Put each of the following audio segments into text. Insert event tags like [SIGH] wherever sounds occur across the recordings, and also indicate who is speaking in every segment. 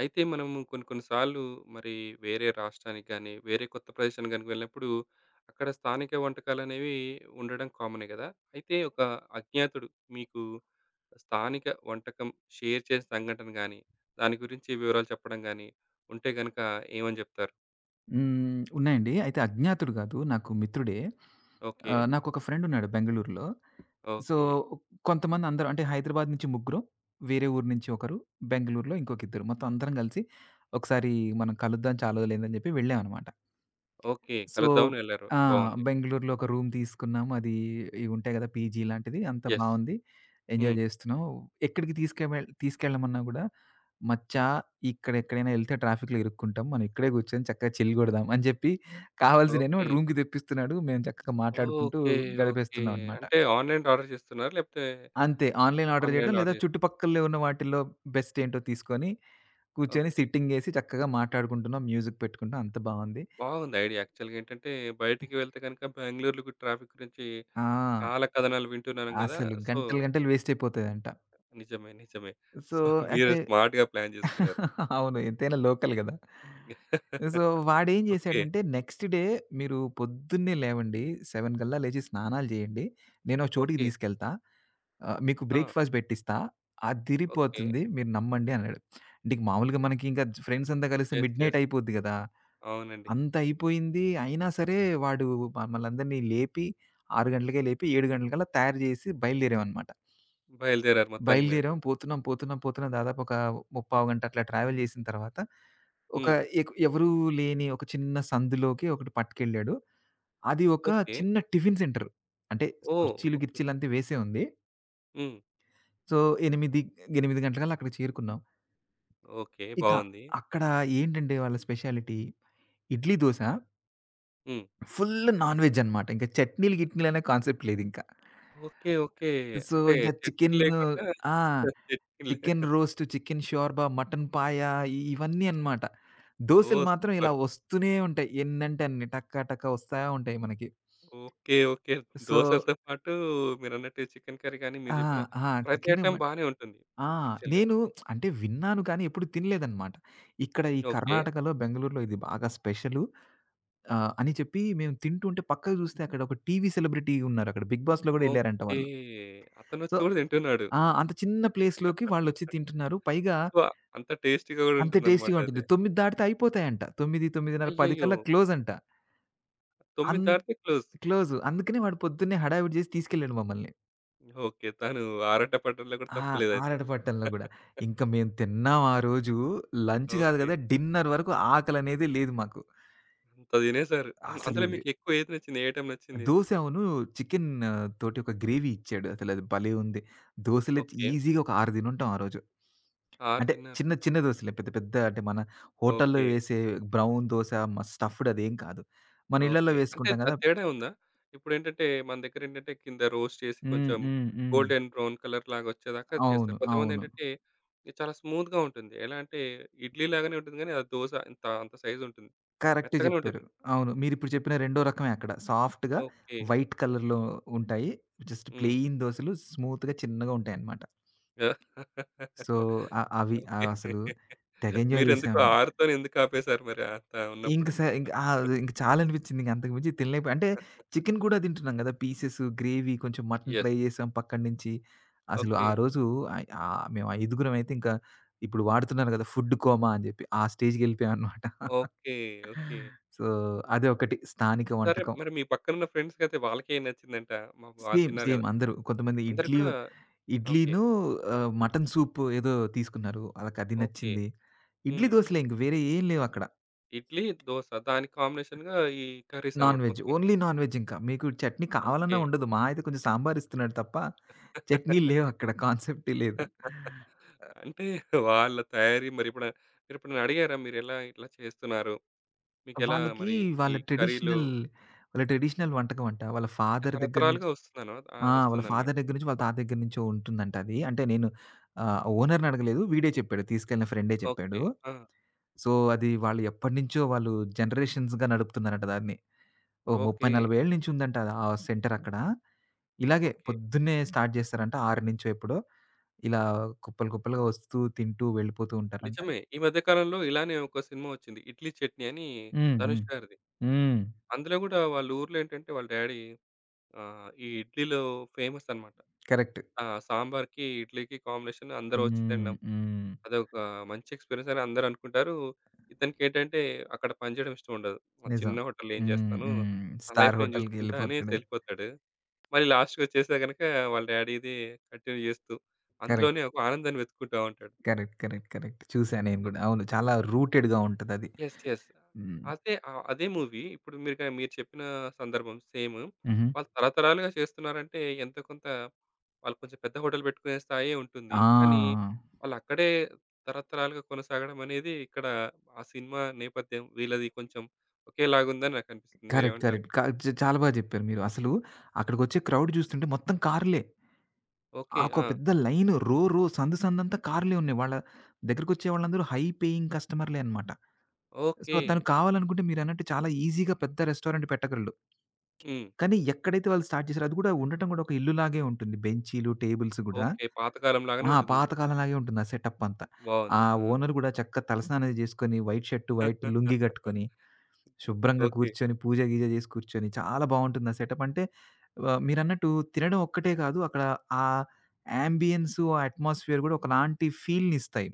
Speaker 1: అయితే మనము కొన్ని, కొన్ని సార్లు మరి వేరే రాష్ట్రానికి గాని, వేరే కొత్త ప్రదేశానికి గనక వెళ్ళినప్పుడు, అక్కడ స్థానిక వంటకాలనేవి ఉండడం కామనే గదా! అయితే, ఒక అజ్ఞాతుడు మీకు స్థానిక వంటకం షేర్ చేసిన సంఘటన గాని, దాని గురించి వివరాలు చెప్పడం గాని, ఉంటే గనుక ఏమని జేప్తారు?
Speaker 2: హ్మ్. ఉన్నాయండి. [SMACKS LIPS] అయితే అజ్ఞాతుడు కాదు. నాకు మిత్రుడే.
Speaker 1: ఓకే.
Speaker 2: ఆహ్, నాకొక ఫ్రెండ్ ఉన్నాడు. బెంగుళూరులో. So,
Speaker 1: okay.
Speaker 2: కొంతమంది అందరు అంటే హైదరాబాద్ నుంచి ముగ్గురు, వేరే ఊరు నుంచి ఒకరు, బెంగుళూరులో ఇంకొక ఇద్దరు, మొత్తం అందరం కలిసి ఒకసారి మనం కలుద్దాం చాలా రోజులయింది. అని చెప్పి వెళ్ళామన్నమాట.
Speaker 1: ఓకే.
Speaker 2: సో
Speaker 1: కలుద్దాం అని వెళ్లారు.
Speaker 2: ఆ!
Speaker 1: బావుంది.
Speaker 2: బెంగుళూరులో ఒక రూమ్ తీసుకున్నాము. అది ఇవుంటాయి కదా! పీజీ లాంటిది అంత
Speaker 1: యెస్.
Speaker 2: బావుంది. ఎంజాయ్
Speaker 1: హ్మ్.
Speaker 2: చేస్తున్నాం. ఎక్కడికి తీసు‌కువెల్ తీసుకెళ్లమన్నా కూడా, "మచ్చా ఇక్కడ ఎక్కడైనా ఏళ్తే ట్రాఫిక్‌లో ఇరుక్కుంటాం. మనం ఇక్కడే కూర్చొని చక్కగా చిల్‌గొడదాం." అని చెప్పి కావాల్సిన వాడు
Speaker 1: ఓకే.
Speaker 2: రూమ్‌కి తెప్పిస్తున్నాడు, మేము చక్కగా మాట్లాడుకుంటూ,
Speaker 1: ఓకే. ఓకే.
Speaker 2: గడిపేస్తున్నామనమాట.
Speaker 1: అంటే ఆన్‌లైన్‌లో ఆర్డర్ చేస్తున్నారా? లేపోతే
Speaker 2: అంతే. ఆన్‌లైన్ ఆర్డర్ చేయడం.
Speaker 1: ఆన్‌లైన్‌లో
Speaker 2: లేదా,
Speaker 1: ఆర్డర్ చే
Speaker 2: చుట్టుపక్కల ఉన్న వాటిలో బెస్టేంటో తీసుకొని, కూర్చొని
Speaker 1: ఓకే.
Speaker 2: సిట్టింగేసి, చక్కగా మాట్లాడుకుంటున్నాం, మ్యూజిక్ పెట్టుకుంటాం అంత బావుంది.
Speaker 1: బావుంది ఐడియా యాక్చువల్‌గా ఏంటంటే,
Speaker 2: అ!
Speaker 1: బయటికి వెళ్తే గనుక బెంగుళూరులో కూడ ట్రాఫిక్ గురించి,
Speaker 2: ఆ!
Speaker 1: చాలా కథనాలు వింటున్నాను కదా!
Speaker 2: అసలు
Speaker 1: సో
Speaker 2: గంటలు, గంటలు వేస్టయిపోతాయంట.
Speaker 1: నిజమే, నిజమే.
Speaker 2: సో
Speaker 1: సొ, [GIGGLES] మీరు
Speaker 2: అయితే
Speaker 1: స్మార్ట్‌గా ప్లాన్ జేసుకున్నారు.
Speaker 2: [LAUGHS] అవును ఎంతైనా లోకల్ గదా! సో,
Speaker 1: [LAUGHS]
Speaker 2: వాడేం
Speaker 1: ఓకే.
Speaker 2: చేసాడంటే, "నెక్స్ట్ డే మీరు పొద్దున్నే లేవండి, 7 కల్లా లేచి, స్నానాలు చేయండి, నేను ఒక చోటికి
Speaker 1: ఓకే.
Speaker 2: తీసుకెళ్తా. ఆహ్, మీకు
Speaker 1: ఆ!
Speaker 2: బ్రేక్‌ఫాస్ట్ పెట్టిస్తా,
Speaker 1: ఓకే.
Speaker 2: అదిరిపోతుంది మీరు నమ్మండి" అన్నాడు. అంటే ఇంకా మామూలుగా మనకింకా జు ఫ్రెండ్సంతా కలిస్తే
Speaker 1: యెస్, యెస్.
Speaker 2: మిడ్‌నైటయిపోద్ది కదా!
Speaker 1: అవునండి.
Speaker 2: అంత అయిపోయింది. అయినా సరే, వాడు మమ్మల్ని అందరిని లేపి, 6 గంటలకే లేపి, 7 గంటలకల్లా తయారు చేసి బయలుదేరామన్నమాట.
Speaker 1: బయలుదేరారు మొత్తానికి మీరు.
Speaker 2: బయలుదేరాం పోతున్నాం, పోతున్నాం, పోతున్నాం, దాదాపు ఒక ముప్పావుగంట అట్లా ట్రావెల్ చేసిన తరువాత, ఒక
Speaker 1: హ్మ్.
Speaker 2: ఏకు ఎవరు లేని ఒక చిన్న సందులోకి ఒకటి పట్టుకెళ్ళాడు. అది ఒక
Speaker 1: ఓకే.
Speaker 2: చిన్న టిఫిన్ సెంటరు. అంటే
Speaker 1: ఓహ్!
Speaker 2: కుర్చీలు,
Speaker 1: ఓకే.
Speaker 2: గిర్చీలు అంత వేసే ఉంది.
Speaker 1: హ్మ్.
Speaker 2: సో 8, 8 గంటలకల్లా అక్కడికి చేరుకున్నాం.
Speaker 1: ఓకే.
Speaker 2: ఇక
Speaker 1: బావుంది.
Speaker 2: అక్కడ ఏంటంటే వాళ్ళ స్పెషాలిటీ ఇడ్లీ దోస
Speaker 1: హ్మ్.
Speaker 2: ఫుల్ నాన్‌వెజ్ అన్నమాట ఇంక చట్నీలు గిట్నీలు అనే కాన్సెప్ట్ లేదింకా.
Speaker 1: ఓకే. ఓకే.
Speaker 2: సో
Speaker 1: అంటే
Speaker 2: ఇక
Speaker 1: చట్నీ
Speaker 2: చికెన్
Speaker 1: లేకుండా
Speaker 2: ఆ!
Speaker 1: చట్నీ లే
Speaker 2: chicken roast, chicken shorba, mutton paya ఇవన్నీ అన్నమాట. దోసలు
Speaker 1: ఓహ్!
Speaker 2: మాత్రం ఇలా
Speaker 1: సూపర్!
Speaker 2: వస్తూనే ఉంటాయి. ఎన్నంటే అన్ని. టక టకా వస్తా ఉంటాయి మనకి.
Speaker 1: ఓకే. ఓకే.
Speaker 2: సో
Speaker 1: దోసలతో పాటూ మీరన్నట్టు చికెన్ కర్రీ గాని
Speaker 2: ఆ!
Speaker 1: మీరు జెప్పిన
Speaker 2: ఆ!
Speaker 1: ప్రతి
Speaker 2: చికెన్ మ
Speaker 1: ఐటెం బానే ఉంటుంది
Speaker 2: ఆ!
Speaker 1: యాక్చువల్‌గా.
Speaker 2: నేను [SMACKS LIPS] అంటే విన్నాను కానీ ఎప్పుడు తినలేదన్నమాట. ఇక్కడ ఈ
Speaker 1: ఓకే.
Speaker 2: కర్ణాటకలో బెంగుళూరులో ఇది బాగా స్పెషలు ఆహ్, అని చెప్పి మేము తింటుంటే పక్కకు జూస్తే అక్కడ ఒక టీవీ సెలబ్రిటీ ఉన్నారక్కడ 'బిగ్ బాస్‌లో' గూడా యెళ్లారంట
Speaker 1: ఓకే.
Speaker 2: వాళ్ళు. సో
Speaker 1: అతనొచ్చి గూడ తింటున్నాడు.
Speaker 2: ఆ! అంత చిన్న ప్లేస్‌లోకి వాళ్ళు వచ్చి
Speaker 1: [LAUGHS]
Speaker 2: తింటున్నారు పైగా
Speaker 1: సో అంత టేస్టీగా గూడా
Speaker 2: అంత టేస్టీగా ఉంటుంది.
Speaker 1: ఉంటుందన్నమాటది.
Speaker 2: 9 దాటితే అయిపోతాయంట 9, 9:30 10:00
Speaker 1: అయ్యయ్యో!
Speaker 2: కల్లా క్లోజ్ అంట. అం
Speaker 1: 9 దాటితే క్లోజ్.
Speaker 2: క్లోజ్ అందుకనే వాడు పొద్దున్నే హడావిడి జేసి తీసుకెళ్ళాడు మమ్మల్ని.
Speaker 1: ఓకే. తను ఆరాట పడటంలో కూడా
Speaker 2: ఆ!
Speaker 1: తప్పు లేదుయితే.
Speaker 2: ఆరట పట్టంలో గూడా
Speaker 1: [CHUCKLES]
Speaker 2: ఇంకా మేము తిన్నాం ఆరోజు లంచ్ గాదు గదా!
Speaker 1: ఓకే.
Speaker 2: డిన్నర్ వరకు ఆకలనేదే లేదు మాకు.
Speaker 1: అంత తినేసారు అం
Speaker 2: అసలు
Speaker 1: అందులో
Speaker 2: వే
Speaker 1: మీకు ఎక్కువ ఏది నచ్చింది? ఏ ఐటెమ్ నచ్చింది?
Speaker 2: దోస అవును. చికెన్ తోటి ఒక గ్రేవీ ఇచ్చాడు అసలది భలే ఉంది. దోసలైతే
Speaker 1: ఓకే
Speaker 2: ఈజిగా ఒక 6 తినుంటాం ఆరోజు.
Speaker 1: 6
Speaker 2: అంటే
Speaker 1: తిన్నారు.
Speaker 2: చిన్న, చిన్న దోసలే పెద్ద పెద్ద అంటే మన హోటల్‌లో
Speaker 1: ఓకే.
Speaker 2: వేసే బ్రౌన్ దోస మ స్టఫ్డ్ అదేం కాదు. మన ఇళ్లల్లో
Speaker 1: ఓకే. అంటే
Speaker 2: వేసుకుంటాం కదా!
Speaker 1: అది తేడా ఉందా? ఇప్పుడేంటంటే మన దగ్గరేంటంటే కింద రోస్ట్ చేసి
Speaker 2: హ్మ్.
Speaker 1: కొంచెం
Speaker 2: హ్మ్. హ్మ్.
Speaker 1: గోల్డెన్ బ్రౌన్ కలర్‌లాగొచ్చేదాకా
Speaker 2: అవును.
Speaker 1: చేస్తారు.
Speaker 2: అవును.
Speaker 1: కొంతమందేంటంటే ఇది చాలా స్మూత్‌గా ఉంటుంది. ఎలా అంటే ఇడ్లీ లాగానే ఉంటుంది కానీ ఆ దోస ఇంత అంత సైజ్ ఉంటుంది.
Speaker 2: కరెక్టే
Speaker 1: మెత్తగానే
Speaker 2: చేప్పారు.
Speaker 1: ఉంటుంది.
Speaker 2: అవును. మీరిప్పుడు చేప్పిన రెండో రకమే అక్కడ. సాఫ్ట్‌గా
Speaker 1: ఓకే
Speaker 2: వైట్ కలర్‌లో ఉంటాయి, జస్ట్
Speaker 1: హ్మ్.
Speaker 2: ప్లెయిన్ దోసలు స్మూత్‌‌గా చిన్నగా ఉంటాయన్నమాట. సో అ అవి
Speaker 1: ఓకే.
Speaker 2: అవసలు తెగ ఎంజాయ్
Speaker 1: మీరెందుకు
Speaker 2: జేశాం.
Speaker 1: 6తోని ఎందుకాపేసారు మరి అంత
Speaker 2: ఇంక
Speaker 1: ఉన్నప్పుడు?
Speaker 2: స ఇంక
Speaker 1: [CHUCKLES]
Speaker 2: అది ఇంక చాలనిపిచ్చింది. ఇంగంతకు మించి తినలేకపోయా అంటే
Speaker 1: [CHUCKLES]
Speaker 2: చికెన్ కూడా తింటున్నాం గదా! పీసెస్, గ్రేవీ కొంచెం మటన్
Speaker 1: యెస్.
Speaker 2: ట్రై జేసాం పక్కన్నించి. అసలు ఆ
Speaker 1: ఓకే.
Speaker 2: రోజు అయి ఆ మేం ఐదుగురమయితే ఇంకా ఇప్పుడు వాడుతున్నారు కదా! ఫుడ్ కోమా అని చెప్పి ఆ స్టేజ్‌కి వెళ్ళిపోయాం అన్నమాట. [CHUCKLES]
Speaker 1: ఓకే. ఓకే.
Speaker 2: సో అది ఒకటి స్థానిక
Speaker 1: సరే
Speaker 2: వంటకం.
Speaker 1: మరి మీ పక్కనున్న ఫ్రెండ్స్ కైతే వాళ్ళకేం నచ్చిందంట? మా వాళ్ళు
Speaker 2: సేమ్.
Speaker 1: తిన్నారు
Speaker 2: సేమ్.
Speaker 1: గదా!
Speaker 2: అందరు కొంతమంది
Speaker 1: అందరూ
Speaker 2: ఇడ్లీ
Speaker 1: కూడా ఓకే.
Speaker 2: ఇడ్లీను ఆహ్, మటన్ సూప్ ఏదో తీసుకున్నారు అళ్ళకది
Speaker 1: ఓకే.
Speaker 2: నచ్చింది. ఇడ్లీ,
Speaker 1: హ్మ్.
Speaker 2: దోసలే ఇంకా వేరే ఏమి లేవక్కడ.
Speaker 1: ఇడ్లీ, దోస దానికి కాంబినేషన్‌గా ఈ కర్రీస్ అన్నమాట
Speaker 2: నాన్‌వెజ్,
Speaker 1: మొత్తం.
Speaker 2: ఓన్లీ నాన్‌వెజ్ ఇంకా మీకు చట్నీ కావాలన్నా
Speaker 1: ఓకే.
Speaker 2: ఉండదు. మహ అయితే కొంచెం సాంబార్ ఇస్తున్నాడు తప్ప చట్నీలు
Speaker 1: [LAUGHS]
Speaker 2: లేవక్కడ కాన్సెప్టే లేదు.
Speaker 1: [CHUCKLES] అంటే వాళ్ళ తయారీ మరెప్పుడై మరెప్పుడన్నా అడిగారా? మీరెలా ఇట్లా చేస్తున్నారు? మీకెలా
Speaker 2: వాళ్ళకి
Speaker 1: మరి ఈ
Speaker 2: వాళ్ళ
Speaker 1: కర్రీలు
Speaker 2: ట్రెడిషనల్ వాళ్ళ ట్రెడిషనల్ వంటకం అంట. వాళ్ళ
Speaker 1: అంటే
Speaker 2: ఫాదర్ దగ్గర నుంచి
Speaker 1: తరతరాలుగా వస్తుందను
Speaker 2: ఆ!
Speaker 1: ఆహ్,
Speaker 2: వాళ్ళ
Speaker 1: వస్తుందన్నమాట.
Speaker 2: ఫాదర్ దగ్గర నుంచి వాళ్ళ తాత దగ్గర నుంచో ఉంటుందంటది. అంటే నేను ఆహ్, ఓనర్‌ని అడగలేదు వీడే చెప్పాడు తీసుకెళ్ళిన ఫ్రెండే చెప్పాడు.
Speaker 1: ఓకే. ఆ!
Speaker 2: సో అది వాళ్ళు ఎప్పడినుంచో వాళ్ళు జనరేషన్స్‌గా నడుపుతున్నారట దాన్ని, ఓహ్! ముప్పై
Speaker 1: ఓకే.
Speaker 2: నలబై ఏళ్ళ నుంచి ఉందంట అది ఆ సెంటర్ అక్కడ ఇలాగే
Speaker 1: ఓకే.
Speaker 2: పొద్దున్నే స్టార్ట్ జేస్తరంట 6 నుంచో ఎప్పుడో, ఇలా కుప్పలు, కుప్పలుగా వస్తూ తింటూ వెళ్ళిపోతూ ఉంటారంట.
Speaker 1: నిజమే. ఈ మధ్య కాలంలో ఇలానే ఒక సినిమా వచ్చింది. 'ఇడ్లీ చట్నీ' అని
Speaker 2: హ్మ్. హ్మ్.
Speaker 1: 'ధనుష్' గారిది.
Speaker 2: హ్మ్.
Speaker 1: అందులో గూడా వాళ్ళూర్లో ఏంటంటే వాళ్ళ డ్యాడీ ఆహ్, ఈ ఇడ్లీలో ఫేమస్ అన్నమాట.
Speaker 2: కరెక్ట్.
Speaker 1: ఆ! సాంబార్‌కి, ఇడ్లీకి కాంబినేషన్ అందరూ వచ్చి
Speaker 2: హ్మ్.
Speaker 1: తినడం.
Speaker 2: హ్మ్.
Speaker 1: అదొక మంచి ఎక్స్పీరియన్స్ అని అందరనుకుంటారు. ఇతనికేంటంటే అక్కడ పని జేయడం ఇష్టం ఉండదు. ఆ చిన్న
Speaker 2: నిజం.
Speaker 1: హోటల్‌లో ఏం
Speaker 2: హ్మ్.
Speaker 1: చేస్తాను
Speaker 2: హ్మ్.
Speaker 1: నా లైఫ్
Speaker 2: స్టార్
Speaker 1: నేను జూసుకుంటా
Speaker 2: హోటల్‌‌‌‌కెళ్ళిపోతాడు.
Speaker 1: అనేసెళ్ళిపోతాడు. మళ్ళీ లాస్ట్‌‌కొచ్చేస్తే గనుక వాళ్ళ డ్యాడీది కంటిన్యూ జేస్తూ
Speaker 2: కరెక్ట్.
Speaker 1: అందులోనే ఒక ఆనందాన్ని వెతుక్కుంటా ఉంటాడు.
Speaker 2: కరెక్ట్. కరెక్ట్. కరెక్ట్. చూసా నేను గూడా అవును. చాలా రూటెడ్‌గా ఉంటదది.
Speaker 1: యెస్. యెస్.
Speaker 2: హ్మ్.
Speaker 1: అదే ఆహ్, అదే మూవీ ఇప్పుడు మీరు గ మీరు చెప్పిన సందర్భం సేమ్.
Speaker 2: హుహు.
Speaker 1: వాళ్ళు తరతరాలుగా చేస్తున్నారంటే ఎంతో కొంత ఆళ్ళు కొంచెం పెద్ద హోటల్ పెట్టుకునే స్థాయే ఉంటుంది. కానీ
Speaker 2: ఆ!
Speaker 1: వాళ్ళక్కడే తరతరాలుగా కొనసాగడమనేది ఇక్కడ ఆ సినిమా నేపథ్యం వీళ్ళది కొంచెం ఒకేలాగుందని నాకనిపిస్తుంది.
Speaker 2: కరెక్ట్.
Speaker 1: మీరేమంటారు?
Speaker 2: కరెక్ట్. క చ్ చాలా బా జెప్పారు మీరు. అసలు అక్కడికొచ్చే క్రౌడ్ జూస్తుంటే మొత్తం కార్లే.
Speaker 1: ఓకే.
Speaker 2: ఆకొ
Speaker 1: ఆ!
Speaker 2: పెద్ద లైన్, రో రో సందు సందంతా కార్లే ఉన్నాయి. వాళ్ళ దగ్గరికొచ్చే వాళ్ళందరూ హై పేయింగ్ కస్టమర్లే అన్నమాట. సో
Speaker 1: ఓకే
Speaker 2: తను కావాలనుకుంటే మీరన్నట్టు చాలా ఈజిగా పెద్ద రెస్టారెంట్ పెట్టగలడు.
Speaker 1: హ్మ్.
Speaker 2: కానీ ఎక్కడైతే వాళ్ళు స్టార్ట్ జేసారో అది గూడా ఉండటం గూడా ఒక ఇల్లు లాగే ఉంటుంది బెంచీలు, టేబుల్స్ గూడా.
Speaker 1: ఓకే. పాతకాలం లాగానే
Speaker 2: ఆ!
Speaker 1: ఉంటుంది.
Speaker 2: పాతకాలం లాగే ఉంటుంది ఆ సెటపంతా. ఆ
Speaker 1: బావుంది. ఆ!
Speaker 2: ఓనర్ గూడా చక్కగా తలస్నానం అది చేసుకొని వైట్ షర్టు వైట్ లుంగీ
Speaker 1: [LAUGHS]
Speaker 2: గట్టుకొని శుభ్రంగా
Speaker 1: ఓకే.
Speaker 2: కూర్చొని పూజ గిజ చేసి కూర్చొని చాలా బావుంటుంది ఆ సెటప్. అంటే వ మీరు అన్నట్టు తినడం ఒక్కటే గాదు అక్కడ ఆ యాంబియన్సు ఆ అట్మాస్ఫియర్ గూడా ఒకలాంటి ఫీల్‌నిస్తాయి.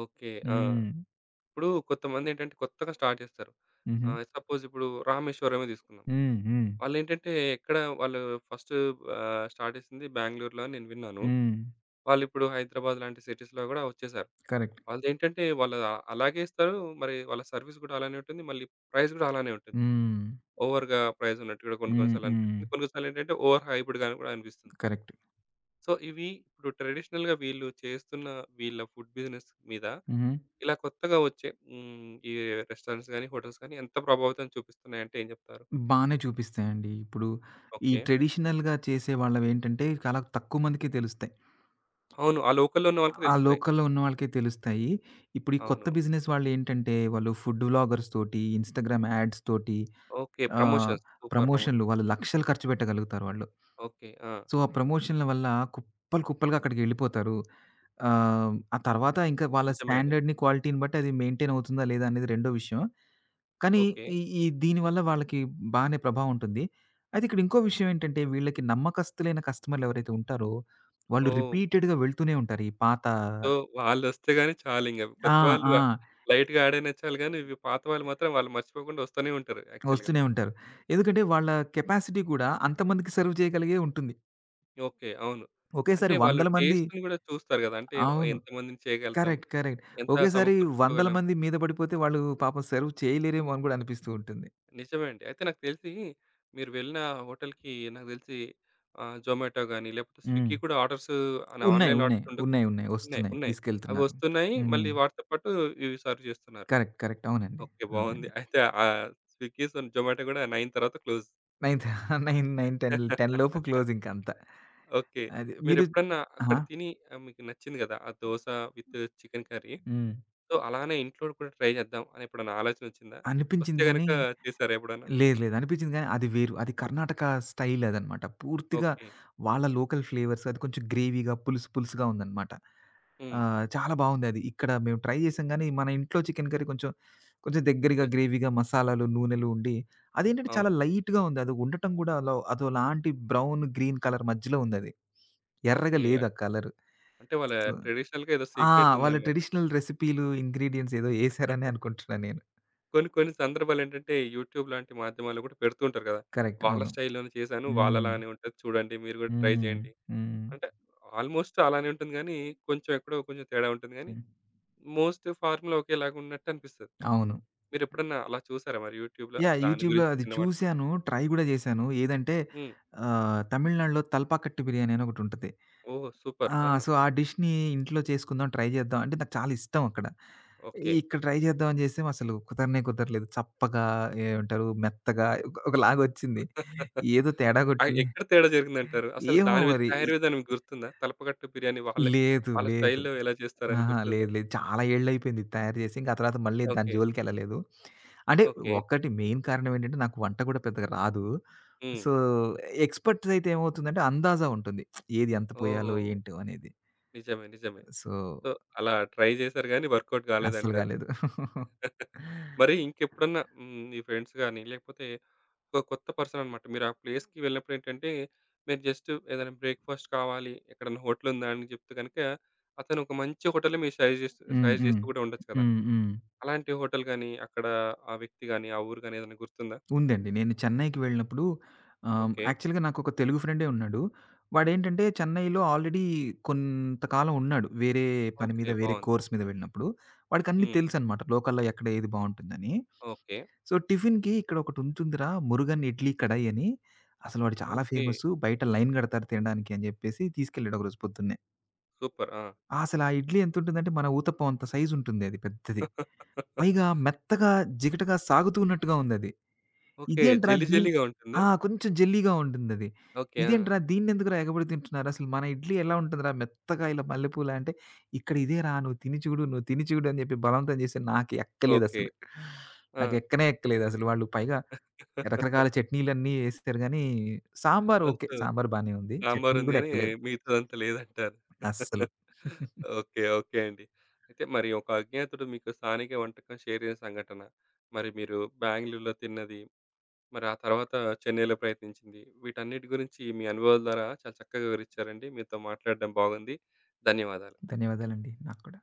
Speaker 1: ఓకే. ఆ!
Speaker 2: హ్మ్.
Speaker 1: ఇప్పుడు కొంతమందేంటంటే, కొత్తగా స్టార్ట్ చేస్తారు.
Speaker 2: హుహు.
Speaker 1: ఆహ్, సపోజిప్పుడు రామేశ్వరమే తీసుకుందాం.
Speaker 2: హ్మ్, హ్మ్.
Speaker 1: వాళ్ళేంటంటే, ఎక్కడ వాళ్ళు ఫస్టు ఆహ్, స్టార్ట్ చేసింది బ్యాంగ్‌లూ‌ర్‌లో అని నేను విన్నాను.
Speaker 2: హ్మ్.
Speaker 1: వాళ్ళు ఇప్పుడు హైదరాబాద్ లాంటి సిటీస్‌లో కూడా వచ్చేసారు.
Speaker 2: కరెక్ట్.
Speaker 1: వాళ్ళదేంటంటే, వాళ్ళు అలాగే ఇస్తారు. మరి వాళ్ళ సర్వీస్ కూడా అలానే ఉంటుంది. మళ్ళీ ప్రైస్ కూడా అలానే ఉంటుంది.
Speaker 2: హ్మ్.
Speaker 1: ఓవర్‌గా ప్రైజ్ ఉన్నట్టు కూడా కొన్ని, కొన్ని
Speaker 2: హ్మ్,
Speaker 1: సార్లు
Speaker 2: హ్మ్.
Speaker 1: అనిపిస్తుంది. కొన్ని, కొన్ని సార్లేంటంటే, ఓవర్ హైప్డ్‌గా కూడా అనిపిస్తుంది.
Speaker 2: కరెక్ట్.
Speaker 1: సో, ఇవి ఇప్పుడు ట్రెడిషనల్‌గా వీళ్ళు చేస్తున్న, వీళ్ళ ఫుడ్ బిజినెస్ మీద
Speaker 2: హుహు.
Speaker 1: ఇలా కొత్తగా వచ్చే హ్మ్, ఈ రెస్టారెంట్స్ గాని, హోటల్స్ గాని ఎంత ప్రభావితం చూపిస్తున్నాయి, అంటే ఏం చెప్తారు?
Speaker 2: బానే చూపిస్తాయండి. ఇప్పుడు ఈ
Speaker 1: ఓకే.
Speaker 2: ట్రెడిషనల్‌గా చేసే వాళ్లవేంటంటే, చాలా తక్కువ మందికే తెలుస్తాయి.
Speaker 1: అవును. ఆ లోకల్‌లో ఉన్న వాళ్ళకి
Speaker 2: ఆ
Speaker 1: తెలుస్తాయి.
Speaker 2: లోకల్‌లో ఉన్న వాళ్లకే తెలుస్తాయి. ఇప్పుడు ఈ కొత్త
Speaker 1: అవును.
Speaker 2: బిజినెస్ వాళ్ళేంటంటే, వాళ్లు ఫుడ్డు వ్లాగర్స్‌తోటి, ఇన్‌స్టాగ్రామ్ యాడ్స్‌తోటి
Speaker 1: ఓకే.
Speaker 2: ఆహ్,
Speaker 1: ప్రమోషన్స్, సూపర్.
Speaker 2: ప్రమోషన్లు
Speaker 1: ప్రమోషన్స్.
Speaker 2: వాళ్లు లక్షలు ఖర్చుపెట్టగలుగుతారు వాళ్లు.
Speaker 1: ఓకే. ఆ!
Speaker 2: సో, ఆ ప్రమోషన్ల వల్ల కుప్పలు కుప్పలుగా అక్కడికెళ్లిపోతారు. ఆహ్, ఆ తర్వాత ఇంకా వాళ్ల
Speaker 1: నిజమే అండి.
Speaker 2: స్టాండర్డ్‌ని, క్వాలిటీని బట్టి అది మెయింటైన్ అవుతుందా, లేదా అనేది రెండో విషయం. కానీ,
Speaker 1: ఓకే.
Speaker 2: ఈ ఈ దీని వల్ల వాళ్లకి బానే ప్రభావం ఉంటుంది. అది ఇక్కడ ఇంకో విషయం ఏంటంటే, వీళ్లకి నమ్మకస్తులైన కస్టమర్స్ ఎవరైతే ఉంటారో, వాళ్లు
Speaker 1: ఓహ్!
Speaker 2: రిపీటెడ్‌గా వెళ్తూనే ఉంటారు. ఈ పాత
Speaker 1: సో, వాళ్ళొస్తే గాని చాలింకా.
Speaker 2: ఆ!
Speaker 1: కొత్తవాళ్ళు
Speaker 2: ఆ! ఇ
Speaker 1: లైట్‌గా యాడయినా చాలు గానీ, ఇవి పాత వాళ్ళు మాత్రం వాళ్ళు మర్చిపోకుండా వస్తూనే ఉంటారు యాక్చువల్‌గా.
Speaker 2: వస్తూనే ఉంటారు. ఎందుకంటే, వాళ్ల కెపాసిటీ గూడా, అంతమందికి సర్వ్ చేయగలిగే ఉంటుంది.
Speaker 1: ఓకే. అవును.
Speaker 2: ఒకేసారి
Speaker 1: అంటే వాళ్ళు
Speaker 2: వందల మంది
Speaker 1: టేస్ట్‌ని కూడా చూస్తారు కదా! అంటే వ్
Speaker 2: అవును.
Speaker 1: ఎంతమందిని చేయగలుగుతాం,
Speaker 2: కరెక్ట్, కరెక్ట్.
Speaker 1: ఎంత
Speaker 2: ఒకేసారి వందల
Speaker 1: సమకూర్చుకోగలం.
Speaker 2: మంది మీద పడిపోతే, వాళ్ళు పాపం సెర్వ్ చేయలేరేమో అని కూడా అనిపిస్తూ ఉంటుంది.
Speaker 1: నిజమే అండి. అయితే నాకు తెలిసి, మీరు వెళ్ళిన ఆ హోటల్‌కి, నాకు తెలిసి ఆహ్, జొమాటో గాని, లేకపోతే
Speaker 2: హ్మ్.
Speaker 1: స్విగ్గీ కూడా ఆర్డర్స్ ఆన్
Speaker 2: ఉన్నాయి,
Speaker 1: ఆన్‌లైన్
Speaker 2: ఉన్నాయి.
Speaker 1: ఆర్డర్స్ ఉండక్
Speaker 2: ఉన్నాయి, ఉన్నాయి.
Speaker 1: ఉన్నాయి
Speaker 2: వస్తున్నాయి
Speaker 1: ఉన్నాయి.
Speaker 2: తీసుకెళ్తున్నారు
Speaker 1: అవొస్తున్నాయి.
Speaker 2: హ్మ్.
Speaker 1: మళ్ళీ వాటితో పాటు ఇవి సర్వ్ చేస్తున్నారు.
Speaker 2: కరెక్ట్, కరెక్ట్ అవునండి.
Speaker 1: ఓకే బావుంది.
Speaker 2: అవునండి.
Speaker 1: అయితే ఆహ్, స్విగ్గీస్ అండ్ జొమాటో కూడా 9 తర్వాత క్లోజ్.
Speaker 2: [CHUCKLES] నైంత్ నైన్, నైన్ టెన్‌ల్ టెన్‌లోపు
Speaker 1: [LAUGHS]
Speaker 2: క్లోజింకా అంతా.
Speaker 1: ఓకే.
Speaker 2: అది మీరు
Speaker 1: మీరేప్పుడన్నా
Speaker 2: ఆ!
Speaker 1: అక్కడ తిని, ఆహ్, మీకు నచ్చింది కదా! ఆ దోస విత్ చికెన్ కర్రీ.
Speaker 2: హ్మ్.
Speaker 1: సో, అలానే ఇంట్లో కూడా ట్రై చేద్దాం, అని ఎప్పుడైనా ఆలోచనోచ్చిందా? వస్తే
Speaker 2: అనిపించింది గానీ
Speaker 1: గనక చేసారా ఎప్పుడన్నా?
Speaker 2: లేదు, లేదు అనిపించింది గానీ, అది వేరు. అది కర్ణాటక స్టైలదన్నమాట. పూర్తిగా
Speaker 1: ఓకే.
Speaker 2: వాళ్ళ లోకల్ ఫ్లేవర్స్ అది కొంచెం గ్రేవీగా పులుసు, పులుసుగా ఉందన్నమాట.
Speaker 1: హ్మ్.
Speaker 2: ఆహ్, చాలా బావుందది. ఇక్కడ మేము ట్రై చేసాం గానీ, మన ఇంట్లో చికెన్ కర్రీ కొంచెం, కొంచెం దెగ్గరగా
Speaker 1: యెస్.
Speaker 2: గ్రేవీగా మసాలాలు, నూనెలు ఉండి అది ఏంటంటే, చాలా
Speaker 1: అవును.
Speaker 2: లైట్‌గా ఉంది. అది ఉండటం కూడా అలో అదోలాంటి బ్రౌన్, గ్రీన్ కలర్ మధ్యలో ఉందది.
Speaker 1: ఓకే.
Speaker 2: ఎర్రగా లేదు
Speaker 1: అన్
Speaker 2: ఆ కలరు,
Speaker 1: అంటే వాళ్ళ
Speaker 2: సొ
Speaker 1: ట్రెడిషనల్‌గా ఏదో
Speaker 2: ఆ! వాళ్ళ
Speaker 1: సీక్రెటుందన్నమాట.
Speaker 2: ట్రెడిషనల్ రెసిపీలు, ఇంగ్రీడియెంట్స్ ఎదో ఏశారనే
Speaker 1: [CHUCKLES]
Speaker 2: అనుకుంటున్నా నేను.
Speaker 1: కొన్ని, కొన్ని సందర్భాలేంటంటే యూట్యూబ్ లాంటి మాధ్యమాల్లో కూడా పెడుతూంటారు కదా!
Speaker 2: కరెక్ట్
Speaker 1: వాళ్ళ
Speaker 2: అవును.
Speaker 1: స్టైల్‌లోనే చేశాను,
Speaker 2: హ్మ్.
Speaker 1: వాళ్ళలానే ఉంటది చూడండి, మీరు కూడా ట్రై
Speaker 2: హ్మ్,
Speaker 1: చేయండి.
Speaker 2: హ్మ్.
Speaker 1: అంటే ఆల్మోస్ట్ అలానే ఉంటుంది గానీ, కొంచెం ఎక్కడో కొంచెం తేడా ఉంటుంది గానీ,
Speaker 2: హ్మ్.
Speaker 1: మోస్ట్ ఫార్ములా ఒకేలాగున్నట్టనిపిస్తది.
Speaker 2: అవును.
Speaker 1: మీరు ఎప్పుడన్నా అలా చూసారా, మరి యూట్యూబ్‌లో?
Speaker 2: యాహ్!
Speaker 1: దాని
Speaker 2: యూట్యూబ్‌లో
Speaker 1: గురించి
Speaker 2: అది
Speaker 1: విన్నవాటిలో?
Speaker 2: చూసాను, ట్రై కూడా చేశాను. ఏదంటే
Speaker 1: హ్మ్.
Speaker 2: ఆహ్, తమిళనాడులో తల్పాకట్టు బిర్యానీ అనొకటుంటది.
Speaker 1: ఓహ్! సూపర్.
Speaker 2: ఆ!
Speaker 1: ఆ!
Speaker 2: సో ఆ డిష్‌ని ఇంట్లో చేసుకుందాం, ట్రై చేద్దాం అంటే నాకు చాలా ఇష్టం అక్కడ.
Speaker 1: ఓకే.
Speaker 2: ఇక్కడ ట్రై చేద్దామని చేస్తేమో అసలు కుదరనే కుదరలేదు, చప్పగా, ఏమంటారు? మెత్తగా, ఒక ఒకలాగోచ్చింది.
Speaker 1: [CHUCKLES]
Speaker 2: ఏదో తేడా
Speaker 1: ఆ!
Speaker 2: కొట్టింది
Speaker 1: ఏక్కడ తేడా జరిగిందంటారు? అసలు
Speaker 2: ఏమో
Speaker 1: దాని వి
Speaker 2: మరి
Speaker 1: తయారు
Speaker 2: ఈ
Speaker 1: విధానం గుర్తుందా? తలపకట్టు బిర్యానీ వాళ్ళే
Speaker 2: లేదు,
Speaker 1: వాళ్ళ
Speaker 2: లేదు,
Speaker 1: స్టైల్‌లో ఎలా చేస్తారని
Speaker 2: అహా!
Speaker 1: గుర్తుందా?
Speaker 2: లేదు, లేదు. చాలా ఏళ్లైయిపోయింది ఇది తయారు చేసి, ఇంకా ఆ తర్వాత మళ్ళీ దాని
Speaker 1: ఓకే.
Speaker 2: జోలికేళ్ళలేదు. అంటే
Speaker 1: ఓకే.
Speaker 2: ఒకటి మెయిన్ కారణమేంటంటే నాకు వంట కూడా పెద్దగా రాదు.
Speaker 1: హ్మ్.
Speaker 2: సో, ఎక్స్‌పర్ట్స్ అయితే ఏమవుతుందంటే అందాజ ఉంటుంది. [SMACKS LIPS] ఏది ఎంత
Speaker 1: ఓహో!
Speaker 2: పోయాలో, ఏంటో అనేది.
Speaker 1: నిజమే, నిజమే.
Speaker 2: సో
Speaker 1: సో, అలా ట్రై చేసారు కానీ, వర్క అవుట్
Speaker 2: అస్సలు
Speaker 1: కాలేదంటారు.
Speaker 2: కాలేదు. [LAUGHS]
Speaker 1: [CHUCKLES] మరి ఇంకెప్పుడన్నా మీ ఫ్రెండ్స్ గాని, లేకపోతే ఒక కొత్త పర్సనన్నమాట మీరా ప్లేస్‌కి వెళ్ళినప్పుడేంటంటే, మీరు జస్టు ఏదైనా బ్రేక్ఫాస్ట్ కావాలి, ఎక్కడైనా హోటలుందా అని చెప్తే గనుక, అతనోక మంచి హోటల్ సజస్ చేస్తూ
Speaker 2: హ్మ్,
Speaker 1: సజస్ట్
Speaker 2: హ్మ్.
Speaker 1: చేస్తూ కూడా ఉండొచ్చు కదా!
Speaker 2: హ్మ్, హ్మ్.
Speaker 1: అలాంటి హోటల్ గాని అక్కడ ఆ! వ్యక్తి గాని, ఆ ఊరు గాని ఏదైనా గుర్తుందా?
Speaker 2: ఉందండి. నేను చెన్నైకి వెళ్ళినప్పుడు ఆహ్,
Speaker 1: ఓకే.
Speaker 2: యాక్చువల్‌గా నాకు ఒక తెలుగు ఫ్రెండే ఉన్నాడు. వాడేంటంటే చెన్నైలో ఆల్రెడీ కొంత కాలం ఉన్నాడు. వేరే పని మీద,
Speaker 1: ఓకే.
Speaker 2: వేరే
Speaker 1: బావుంది.
Speaker 2: కోర్స్ మీద వెళ్ళినప్పుడు. వాడికిన్ని
Speaker 1: హ్మ్.
Speaker 2: తెలుసన్నమాట. లోకల్‌లో ఎక్కడ ఏది బావుంటుందని.
Speaker 1: ఓకే.
Speaker 2: సో, టిఫిన్‌కి "ఇక్కడోకటుంటుంది‌రా, మురుగన్ ఇడ్లీ కడాయని, అసలు వాడు చాలా
Speaker 1: ఓకే.
Speaker 2: ఫేమస్సు, బయట లైన్ కడతారు తినడానికి" అని చెప్పేసి, తీసుకెళ్ళాడు ఒకరోజు పొద్దున్నే.
Speaker 1: సూపర్. ఆ!
Speaker 2: అసలా ఇడ్లీ ఎంతుంటుందంటే, మన ఊతప్పం అంత సైజుంటుంది అది పెద్దది.
Speaker 1: [LAUGHS]
Speaker 2: పైగా మెత్తగా జిగటగా సాగుతున్నట్టుగా ఉందది.
Speaker 1: ఓకే.
Speaker 2: ఇదేంట్రా
Speaker 1: జెల్లీ,
Speaker 2: దిన్
Speaker 1: జెల్లీ‌గా ఉంటుందా?
Speaker 2: ఆ! కొంచెం జెల్లీగా ఉంటుందది.
Speaker 1: ఓకే. ఆ!
Speaker 2: ఇదేంట్రా దీన్ని ఎందుకురా ఎగబడి తింటున్నారసలు? మన ఇడ్లీ ఎలా ఉంటదిరా మెత్తగా ఇలా మల్లెపూల అంటే, "ఇక్కడ ఇదేరా నువ్వు తిని చిడు, నువ్వు తిని చిడు" అని చెప్పి బలవంతం చేసి నాకు
Speaker 1: ఓకే.
Speaker 2: ఎక్కలేదసలు, నాకు
Speaker 1: ఆ!
Speaker 2: ఎక్కనే ఎక్కలేదసలు, వాళ్ళు పైగా రకరకాల
Speaker 1: [LAUGHS]
Speaker 2: చట్నీలన్నీ ఏసిచ్చారు గానీ సాంబార్ ఓకే,
Speaker 1: ఓహో!
Speaker 2: సాంబార్ బానే ఉంది.
Speaker 1: సాంబార్
Speaker 2: చట్నీలు
Speaker 1: ఉంది
Speaker 2: కూడా
Speaker 1: గాని,
Speaker 2: ఎక్కలేదు.
Speaker 1: మిగతాదంతా లేదంటారు.
Speaker 2: అస్సలు.
Speaker 1: [CHUCKLES]
Speaker 2: [CHUCKLES]
Speaker 1: ఓకే. ఓకే. అండి. అయితే మరి ఒక అజ్ఞాతుడు మీకు స్థానిక వంటకం షేర్ జేసిన సంఘటన, మరి మీరు బ్యాంగ్‌ళూర్‌లో తిన్నది, మరా తరువాత చెన్నైలో ప్రయత్నించింది. వీటన్నిటి గురించి మీ అనుభవాల ద్వారా చాలా చక్కగా వివరించారండి, మీతో మాట్లాడటం బాగుంది. ధన్యవాదాలు.
Speaker 2: ధన్యవాదాలండి నాక్కూడా.